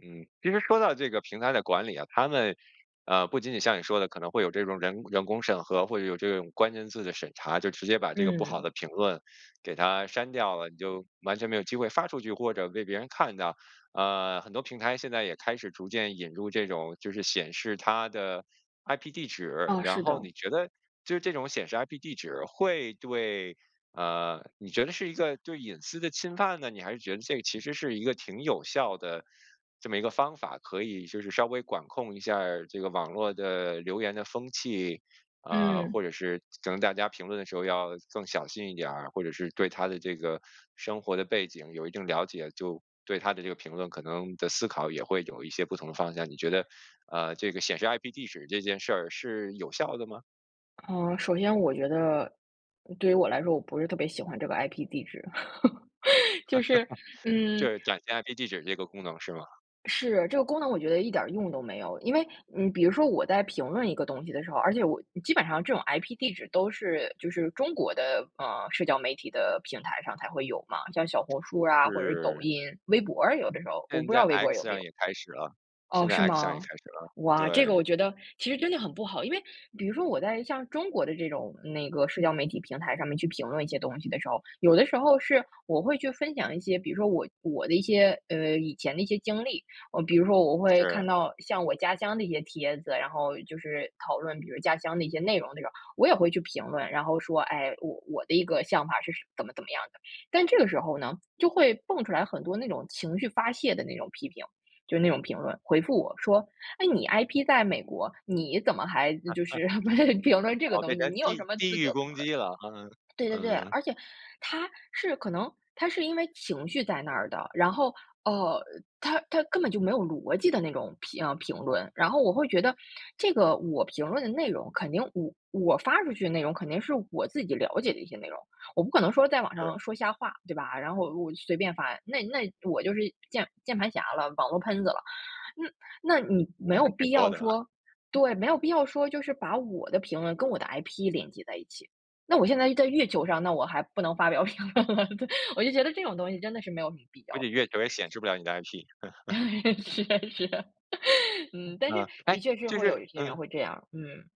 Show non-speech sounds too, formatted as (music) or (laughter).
嗯，其实说到这个平台的管理啊，他们啊，不仅仅像你说的可能会有这种人人工审核，会有这种关键字的审查，就直接把这个不好嗯。的评论给它删掉了，你就完全没有机会发出去，或者被别人看到，啊，很多平台现在也开始逐渐引入这种就是显示它的 IP 地址，啊，然是后你的。觉得就这种显示 IP 地址会对，啊，你觉得是一个对隐私的侵犯呢？你还是觉得这其实是一个挺有效的这么一个方法可以就是稍微管控一下儿这个网络的留言的风气，啊，或嗯。者是可能大家评论的时候要更小心一点儿，或者是对他的这个生活的背景有一定了解，就对他的这个评论可能的思考也会有一些不同的方向。你觉得，呃，这个显示 IP 地址这件事儿是有效的吗？呃，首先我觉得对于我来说，我不是特别喜欢这个 IP 地址，(chuckles) 就是 (laughs) 就嗯。是展现 IP 地址这个功能是吗？是，这个功能我觉得一点儿用都没有。因为你比如说我在评论一个东西的时候，而且我基本上这种 IP 地址都是就是中国的，呃，社交媒体的平台上才会有嘛，像小红书啊或者是抖是。音，微博有的时候我现不知在道微博 x 有没上有。也开始了，现哦，在是 x 上也开吗？始了，哇，这个对。我觉得其实真的很不好，因为比如说我在像中国的这种那个社交媒体平台上面去评论一些东西的时候，有的时候是我会去分享一些，比如说我我的一些，呃，以前的一些经历。哦比如说我会是。看到像我家乡的一些帖子，然后就是讨论，比如家乡的一些内容这种，我也会去评论，然后说，哎，我我的一个想法是怎么怎么样的。但这个时候呢，就会蹦出来很多那种情绪发泄的那种批评，就那种评论回复我说："诶，你 IP 在美国，你怎么还就是 (laughs) 评论这个哦被东西，人家你有地什么地资域格评攻论？"击了，嗯，对对对，嗯。而且他是可能他是因为情绪在那儿的，然后，呃，他他根本就没有逻辑的那种评呃，评论，然后我会觉得这个我评论的内容，肯定我我发出去的内容肯定是我自己了解的一些内容，我不可能说在网是。上说瞎话，对吧，然后我我随便发，那那我就是键键盘侠了，网络喷子了。那那你没那有还挺必多要的。说对，没有必要说，就是把我的评论跟我的 IP 连接在一起，那我现在就在月球上，那我还不能发表评论了，(chuckles) 我就觉得这种东西真的是没有什么必要估计的月一件球也事显情。示不了你的 ip。(chuckles) 是是。(chuckles) 嗯，但是嗯，哎，的确是就会有是一些人嗯。会这样，嗯。